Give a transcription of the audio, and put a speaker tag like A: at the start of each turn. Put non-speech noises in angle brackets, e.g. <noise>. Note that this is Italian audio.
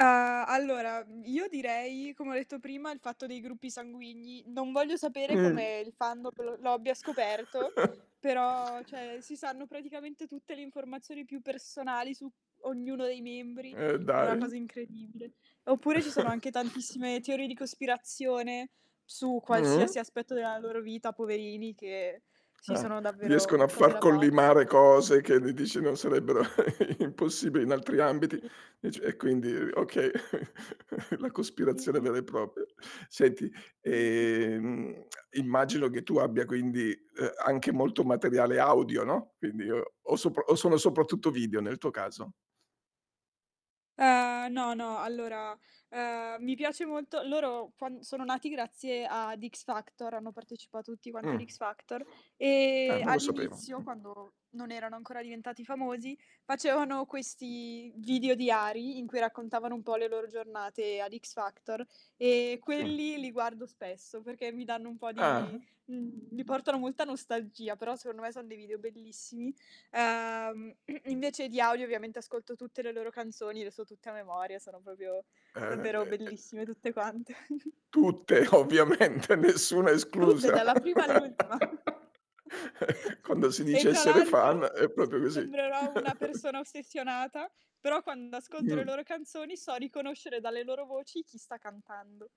A: Uhm, allora, mhmm, io direi, come ho detto prima, il fatto dei gruppi sanguigni, non voglio sapere
B: Mh.
A: come il fan lo lo abbia scoperto,
B: <chuckles>
A: però, cioè, si sanno praticamente tutte le informazioni più personali su ognuno dei membri,
B: Eh,
A: è una
B: dai.
A: cosa incredibile. Oppure ci sono
B: <chuckles>
A: anche tantissime teorie di cospirazione, su qualsiasi
B: Mh-mh.
A: aspetto della loro vita, poverini, che sì,
B: Ah.
A: sono davvero
B: Riescono a
A: cose
B: far
A: da pazzi.
B: collimare cose che mi dici non sarebbero <chuckles> impossibili in altri ambiti,
A: Sì.
B: dici, e quindi
A: Mh-mh.
B: oka <chuckles> la cospirazione
A: Mh-mh.
B: vera e propria. Senti,
A: Sì, sì.
B: ehm, <clicks tongue> immagino che tu abbia quindi, uhm, anche molto materiale audio, no, quindi o o sop o sono soprattutto video nel tuo caso?
A: Uhm, no, no. Allora, uhm, mi piace molto loro quan sono nati grazie ad X-Factor, hanno partecipato tutti quanti ad
B: Mh.
A: X-Factor
B: Ah,
A: e,
B: non lo sapevo.
A: all'inizio,
B: Mh.
A: quando non erano ancora diventati famosi, facevano questi video diari in cui raccontavano un po' le loro giornate ad X-Factor, e
B: Sì.
A: quelli li guardo spesso, perché mi danno un po' di
B: Ah-ah.
A: mhmm, mi portano molta nostalgia. Però, secondo me son dei video bellissimi. Uhm, <clears throat> invece diario ovviamente ascolto tutte le loro canzoni, le so tutte a memoria, sono proprio
B: Eh,
A: davvero
B: beh, e
A: bellissime tutte quante.
B: Tutte.
A: <giggles>
B: Ovviamente, nessuna
A: Tutte,
B: esclusa.
A: dalla prima all'ultima.
B: <laughs>
A: <chuckles>
B: Quando si
A: E
B: dice
A: tra
B: essere fan
A: l'altro,
B: è
A: s
B: proprio così.
A: sembrerò una
B: <chuckles>
A: persona ossessionata, però quando ascolto le
B: Mh.
A: loro canzoni, so riconoscere dalle loro voci chi sta cantando.